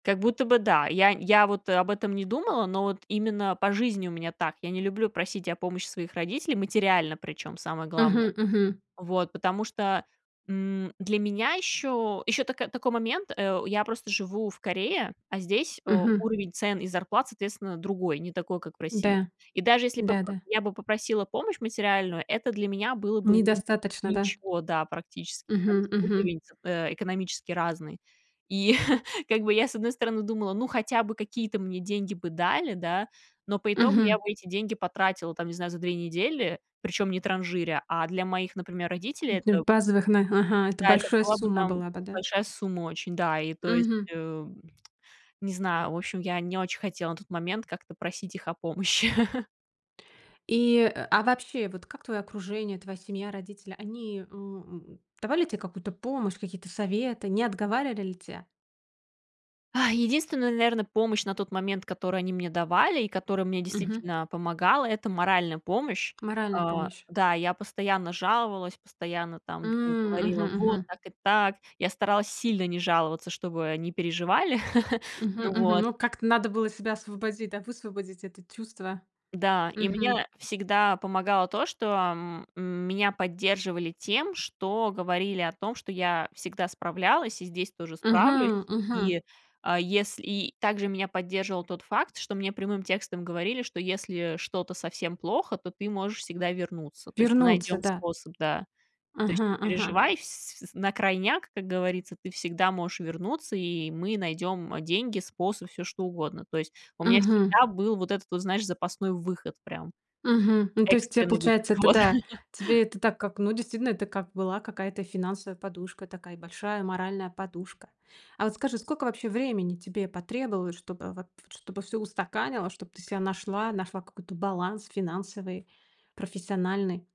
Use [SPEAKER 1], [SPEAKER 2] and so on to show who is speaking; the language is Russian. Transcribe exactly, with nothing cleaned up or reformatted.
[SPEAKER 1] Как будто бы да, я я вот об этом не думала, но вот именно по жизни у меня так. Я не люблю просить о помощи своих родителей, материально, причём, самое главное.
[SPEAKER 2] Мгм, мгм.
[SPEAKER 1] Вот, потому что, м, для меня ещё ещё тако такой момент, э, я просто живу в Корее, а здесь, э,
[SPEAKER 2] Мгм.
[SPEAKER 1] уровень цен и зарплат, соответственно, другой, не такой, как в России.
[SPEAKER 2] Да,
[SPEAKER 1] И даже если бы поп
[SPEAKER 2] да-да.
[SPEAKER 1] я бы попросила помощь материальную, это для меня было бы, ну, нич
[SPEAKER 2] Недостаточно, да?
[SPEAKER 1] ничего, да, практически, потому
[SPEAKER 2] Мгм,
[SPEAKER 1] что
[SPEAKER 2] мгм.
[SPEAKER 1] уровень, э, экономически разный. И как бы я, с одной стороны, думала: "Ну, хотя бы какие-то мне деньги бы дали, да." Но по итогу я
[SPEAKER 2] Мгм.
[SPEAKER 1] бы эти деньги потратила, там, не знаю, за две недели, причём не транжиря. А для моих, например, родителей
[SPEAKER 2] [unintelligible]
[SPEAKER 1] это
[SPEAKER 2] Базовых, нах ага, это
[SPEAKER 1] да, это
[SPEAKER 2] большой
[SPEAKER 1] была бы
[SPEAKER 2] сумма
[SPEAKER 1] там
[SPEAKER 2] была бы, да?
[SPEAKER 1] большая сумма очень. Да, и, то есть,
[SPEAKER 2] Мгм.
[SPEAKER 1] э, не знаю, в общем, я не очень хотела на тот момент как-то просить их о помощи.
[SPEAKER 2] И, а вообще, вот как твоё окружение, твоя семья, родители, они, э, у давали тебе какую-то помощь, какие-то советы, не отговаривали тебя?
[SPEAKER 1] А единственная, наверное, помощь на тот момент, которую они мне давали и которая мне
[SPEAKER 2] Мгм.
[SPEAKER 1] действительно помогала,- это моральная помощь э,
[SPEAKER 2] Моральная помощь.
[SPEAKER 1] да, я постоянно жаловалась, постоянно там им
[SPEAKER 2] М, мгм,
[SPEAKER 1] говорила: "Вот
[SPEAKER 2] мгм.
[SPEAKER 1] так и так." Я старалась сильно не жаловаться, чтобы не переживали.
[SPEAKER 2] Мгм, мгм.
[SPEAKER 1] Вот.
[SPEAKER 2] Ну, как-то надо было себя освободить, да высвободить это чувство.
[SPEAKER 1] Да, и
[SPEAKER 2] Мгм.
[SPEAKER 1] мне всегда помогало то, что м меня поддерживали тем, что говорили о том, что я всегда справлялась и здесь тоже справлюсь.
[SPEAKER 2] Мгм, мгм.
[SPEAKER 1] И, а, если и также меня поддерживал тот факт, что мне прямым текстом говорили, что если что-то совсем плохо, то ты можешь всегда вернуться. То есть мы
[SPEAKER 2] Вернуться,
[SPEAKER 1] найдём
[SPEAKER 2] да.
[SPEAKER 1] способ, да. "То есть
[SPEAKER 2] Ага,
[SPEAKER 1] не
[SPEAKER 2] ага.
[SPEAKER 1] переживай, вс на крайняк, как говорится, ты всегда можешь вернуться, и мы найдём, э, деньги, способ, всё что угодно." То есть у меня
[SPEAKER 2] Мгм.
[SPEAKER 1] всегда был вот этот вот, знаешь, запасной выход, прям
[SPEAKER 2] Мгм. Ну, то есть, э,
[SPEAKER 1] экстренный выход.
[SPEAKER 2] получается, это,
[SPEAKER 1] Вот.
[SPEAKER 2] да, тебе это так как, ну, действительно, это как была какая-то финансовая подушка, такая большая моральная подушка. А вот скажи, сколько вообще времени тебе потребовалось, чтобы вот, чтобы всё устаканилось, чтобы ты себя нашла, какой-то баланс финансовый, профессиональный?